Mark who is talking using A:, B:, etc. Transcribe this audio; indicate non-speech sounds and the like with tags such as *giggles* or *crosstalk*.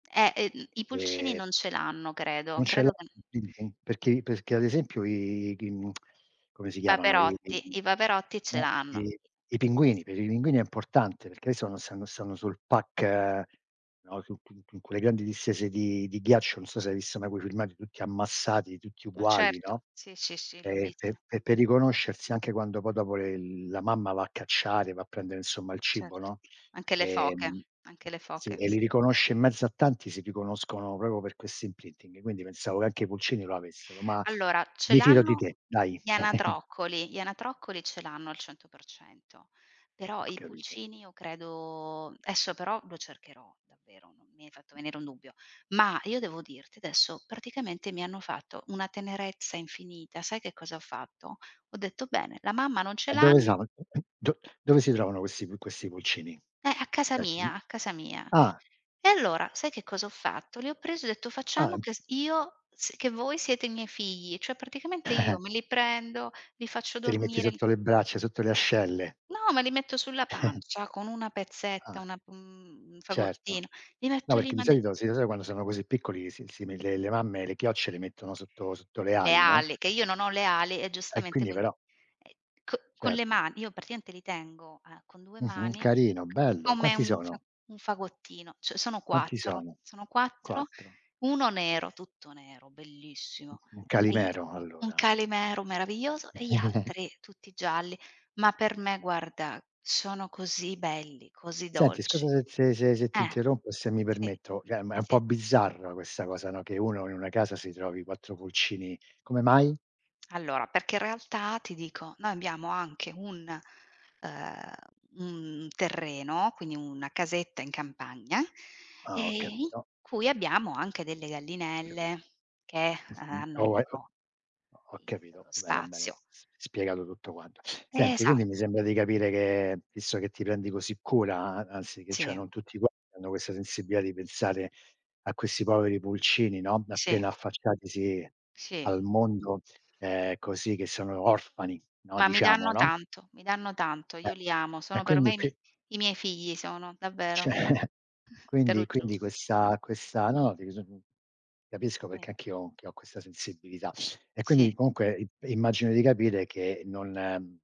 A: Eh, ehm, i pulcini
B: E
A: non ce l'hanno credo.
B: Non c'è l'hanno
A: Credo che n
B: l'imprinting? Perché perché ad esempio i g mhmm, *smacks lips* come si
A: I
B: chiamano i i
A: paperotti,
B: i
A: i paperotti ce
B: no
A: l'hanno.
B: i i
A: E s
B: pinguini. Per i pinguini è importante, perché hai visto quando stanno stanno sul pack, no, su su quelle grandi distese di di ghiaccio, non so se hai visto mai quei filmati tutti ammassati, tutti
A: Ma
B: uguali,
A: certo.
B: no.
A: Sì, sì, sì l'ho
B: E
A: visti.
B: pe pe per riconoscersi anche quando poi dopo le la mamma va a cacciare, va a prendere insomma il cibo,
A: Certo.
B: no,
A: Anche le foche.
B: ehm
A: Anche le
B: sì
A: foche.
B: e
A: S
B: li riconosce in mezzo a tanti, si riconoscono proprio per questo imprinting. Quindi pensavo che anche i pulcini lo avessero, ma
A: Allora ce
B: mi fido di
A: l'hanno
B: te, dai.
A: gli
B: *chuckles*
A: anatroccoli. Gli anatroccoli ce l'hanno al 100%; però
B: Ho
A: i
B: capito.
A: pulcini io credo esso però lo cercherò davvero, n mi hai fatto venire un dubbio. Ma io devo dirti adesso praticamente mi hanno fatto una tenerezza infinita, sai che cosa ho fatto: ho detto: "Bene, la mamma non ce
B: Dove
A: l'hanno"
B: sono, *clears throat* do dove si trovano questi pu questi pulcini?
A: Beh, a casa
B: E
A: mia
B: quindi
A: a casa mia.
B: ah.
A: E allora sai che cosa ho fatto: li ho presi e ho detto: "Facciamo
B: Ahn.
A: che s io s che voi siete i miei figli;" cioè praticamente io
B: *giggles*
A: me li prendo, li faccio
B: Te li metti
A: dormire, l
B: sotto le braccia, sotto le ascelle.
A: No, me li metto sulla
B: *giggles*
A: pancia con una pezzetta,
B: Ah.
A: una mhmm, un
B: Certo.
A: fagottino, li
B: No,
A: metto lì,
B: perché di
A: ma de
B: solito sì lo so quando sono così piccoli, si si le le mamme, le chiocce le mettono sotto sotto le
A: Le
B: ali, no?
A: ali, che io non ho le ali e
B: E
A: giustamente
B: quindi
A: quindi
B: però
A: ehm, co con le
B: Certo.
A: ma io praticamente li tengo, uhm, con 2
B: Mh-mh,
A: mani c
B: carino, bello.
A: come
B: Quanti
A: un fa
B: sono?
A: un fagottino. Cioè sono
B: Quanti
A: 4
B: sono?
A: sono 4:
B: 4
A: 1 nero, tutto nero,
B: Un
A: bellissimo
B: un
A: *unintelligible*
B: calimero
A: un
B: allora.
A: calimero meraviglioso e gli
B: *chuckles*
A: altri tutti gialli. Ma per me guarda, sono così belli, così
B: Senti, scusa
A: dolci.
B: se se se ti
A: Eh.
B: interrompo, e se mi
A: Sì.
B: permetto, cioè ma è un
A: Sì.
B: po' bizzarra questa cosa, no, che uno in una casa si trovi 4 pulcini. Come mai?
A: Allora perché in realtà ti dico, noi abbiamo anche un ehm, un terreno, quindi una casetta in campagna,
B: Ah
A: ehm,
B: ho
A: in
B: capito.
A: cui abbiamo anche delle
B: Ho capi
A: gallinelle che
B: Mh-mh.
A: ha hanno il
B: Oh eco
A: loro
B: ho
A: il
B: capito,
A: loro
B: bene, bene.
A: spazio.
B: S spiegato tutto quanto. Senti
A: Esa
B: quindi mi sembra di capire che, visto che ti prendi così cura, a anzi che cioè
A: Sì.
B: non tutti *unintelligible* hanno questa sensibilità di pensare a questi poveri pulcini, no,
A: Sì.
B: appena affacciatisi
A: Sì.
B: al mondo, ehm, così che sono orfani, no,
A: Ma mi
B: diciamo,
A: danno
B: no?
A: tanto, mi danno tanto.
B: E
A: Io li amo,
B: e
A: sono per
B: quindi
A: me i mie
B: qui
A: i miei figli sono, davvero.
B: Cioè
A: Te lo
B: quindi
A: giuro,
B: quindi
A: mh.
B: questa questa no dis capisco
A: Sì.
B: perché anch'io ho che ho questa sensibilità e
A: Sì.
B: quindi comunque i immagino di capire che non